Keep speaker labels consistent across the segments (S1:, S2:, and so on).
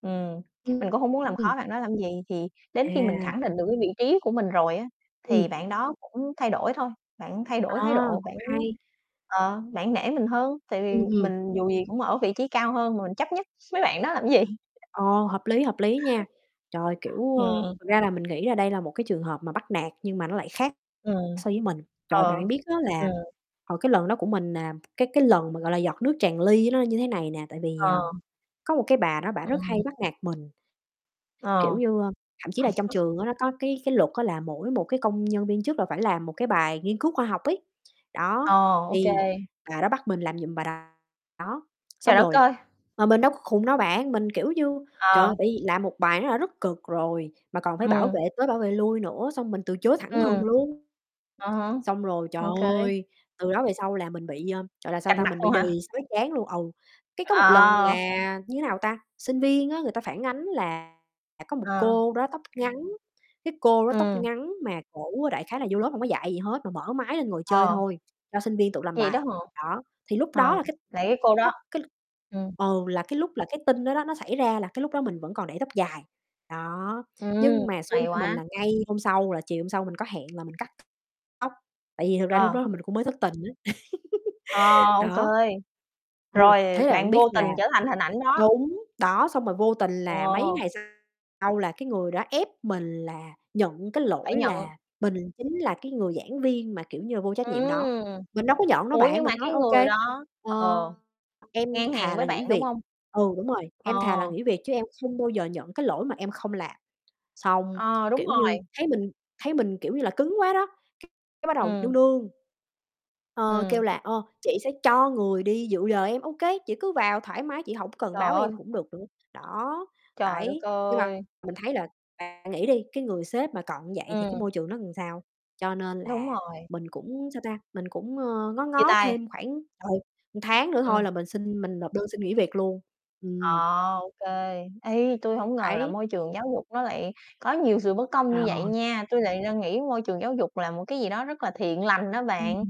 S1: Ừm, mình cũng hông muốn làm
S2: Ừm.
S1: khó bạn đó làm gì. Thì đến khi mình
S2: À.
S1: khẳng định được cái vị trí của mình rồi á, thì
S2: Ừm.
S1: bạn đó cũng thay đổi thôi, bạn thay đổi thái
S2: À,
S1: độ,
S2: cũng
S1: bạn
S2: hay.
S1: ờ, bạn nể mình hơn, tại vì
S2: Ừm, ừm.
S1: mình dù gì cũng ở vị trí cao hơn mà, mình chấp nhất mấy bạn đó làm gì?
S2: Ờ, hợp lý, hợp lý nha. Trời! Kiểu,
S1: Ừm,
S2: ờ,
S1: ừm.
S2: thật ra là mình nghĩ là đây là một cái trường hợp mà bắt nạt, nhưng mà nó lại khác
S1: Ừm,
S2: so với mình. Trời! Bạn phải
S1: ờ,
S2: biết á, là
S1: ừm.
S2: hồi cái lần đó của mình nè, cái cái lần mà, gọi là, giọt nước tràn ly nó là như thế này nè. Tại vì, ờ,
S1: Ờ.
S2: có một cái bà đó bả rất hay
S1: Ừm.
S2: bắt nạt mình
S1: Ờ.
S2: kiểu như, ơ, thậm chí là trong trường á, nó có cái cái luật á, là mỗi một cái công nhân viên chức là phải làm một cái bài nghiên cứu khoa học ấy,
S1: Ờ,
S2: đó,
S1: ô kê.
S2: thì bà đó bắt mình làm giùm bà đó.
S1: Trời
S2: Xong
S1: đất
S2: rồi
S1: ơi!
S2: mà mình đâu có khùng đâu bạn, mình, kiểu như, trời
S1: Ờ.
S2: ơi, tại vì làm một bài nó đã rất cực rồi, mà còn phải bảo
S1: Ừm.
S2: vệ tới bảo vệ lui nữa, xong mình từ chối thẳng thừng
S1: Ừm.
S2: luôn.
S1: À há,
S2: Xong rồi, trời
S1: okay.
S2: ơi, từ đó về sau là mình bị, à, gọi là, sao
S1: Cạch
S2: ta,
S1: mặt
S2: mình bị
S1: luôn
S2: đì
S1: hả?
S2: sói trán luôn, ừ. Cái có một lần
S1: Ờ!
S2: là, như thế nào ta, sinh viên á, người ta phản ánh là có một
S1: Ờ.
S2: cô đó tóc ngắn, cái cô đó tóc
S1: Ừm.
S2: ngắn mà cổ đại khái là vô lớp hông có dạy gì hết, mà mở máy lên ngồi chơi
S1: Ờ.
S2: thôi, cho sinh viên tự làm
S1: Vậy đó
S2: bài,
S1: hả?
S2: đó. Thì lúc đó
S1: Ờ,
S2: là cái
S1: vậy cái cô đó
S2: tóc cái l
S1: ừm.
S2: ừ, là cái lúc là cái tin đó đó nó xảy ra, là cái lúc đó mình vẫn còn để tóc dài, đó.
S1: Ừm,
S2: Nhưng mà xui
S1: hay
S2: cho mình
S1: quá.
S2: là ngay hôm sau là chiều hôm sau mình có hẹn là mình cắt tóc, tại vì thực ra lúc
S1: Ờ.
S2: đó mình cũng mới thất tình á,
S1: Ờ, ô kê.
S2: đó. Ừ,
S1: Rồi,
S2: thế là bạn
S1: bạn
S2: biết
S1: vô
S2: là
S1: tình trở thành hình ảnh đó.
S2: đúng, đó, xong rồi vô tình là mấy
S1: Wow.
S2: ngày sau là cái người đó ép mình là nhận cái
S1: Phải
S2: lỗi
S1: nhận.
S2: là mình chính là cái người giảng viên mà, kiểu như là, vô trách nhiệm đó.
S1: Ừm.
S2: Mình đâu có nhận đâu
S1: Ủa,
S2: bạn,
S1: nhưng mà
S2: mình nói:
S1: cái
S2: "Ô
S1: người
S2: kê,
S1: đó
S2: ờ,
S1: ờ,
S2: em
S1: ngang hàng
S2: thà
S1: với
S2: là nghỉ
S1: bạn, đúng
S2: việc"
S1: hông?
S2: ừ, đúng rồi,
S1: Ờ.
S2: "Em thà là nghỉ việc chứ em không bao giờ nhận cái lỗi mà em không làm." Xong,
S1: Ờ, đúng
S2: kiểu
S1: rồi.
S2: như, thấy mình thấy mình, kiểu như là, cứng quá đó, cái cái bắt đầu nương
S1: Ừm.
S2: nương, ờ, kêu
S1: Ừm.
S2: là "Ơ, chị sẽ cho người đi dự giờ em." "Ô kê, chị cứ vào thoải mái, chị hổng cần
S1: Trời
S2: báo với
S1: ơi!
S2: em cũng được nữa." Đó,
S1: Trời đất
S2: đấy, nhưng mà
S1: ơi!
S2: mình thấy là bạn nghĩ đi, cái người sếp mà còn như vậy thì cái
S1: Ừm.
S2: môi trường nó làm sao? Cho nên
S1: Đúng
S2: là
S1: rồi.
S2: mình cũng, sao ta, mình cũng, ờ, ngó
S1: Chia
S2: ngó
S1: tay.
S2: thêm khoảng, trời, một tháng nữa thôi
S1: Ừm.
S2: là mình xin mình nộp đơn xin nghỉ việc luôn. Ừm.
S1: Ờ, ô kê. Ê, tui hổng ngờ là
S2: Đấy.
S1: môi trường giáo dục nó lại có nhiều sự bất công như vậy
S2: Ờ.
S1: nha. Tui lại đang nghĩ môi trường giáo dục là một cái gì đó rất là thiện lành á
S2: Ừm.
S1: bạn,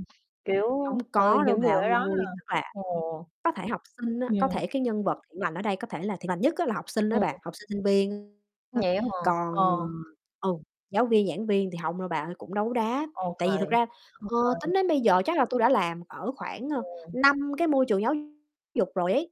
S1: kiểu
S2: Hông
S1: ừ,
S2: có đâu
S1: những
S2: bà
S1: người ở đó, à
S2: ơi, tức là
S1: ồ.
S2: có thể học sinh á, có
S1: Ừm.
S2: thể cái nhân vật thiện lành ở đây, có thể là thiện lành nhất á là học sinh á
S1: Ừm.
S2: bà, học sinh, sinh viên á.
S1: Vậy á hả?
S2: Còn,
S1: Ờ.
S2: ờ ừ, giáo viên, giảng viên thì hông đâu bà ơi, cũng đấu đá.
S1: Ô
S2: Tại vì
S1: kê,
S2: thực ra,
S1: ô
S2: ờ,
S1: kê.
S2: tính đến bây giờ chắc là tui đã làm ở khoảng, ơ,
S1: Ừm.
S2: 5 cái môi trường giáo dục rồi ấy.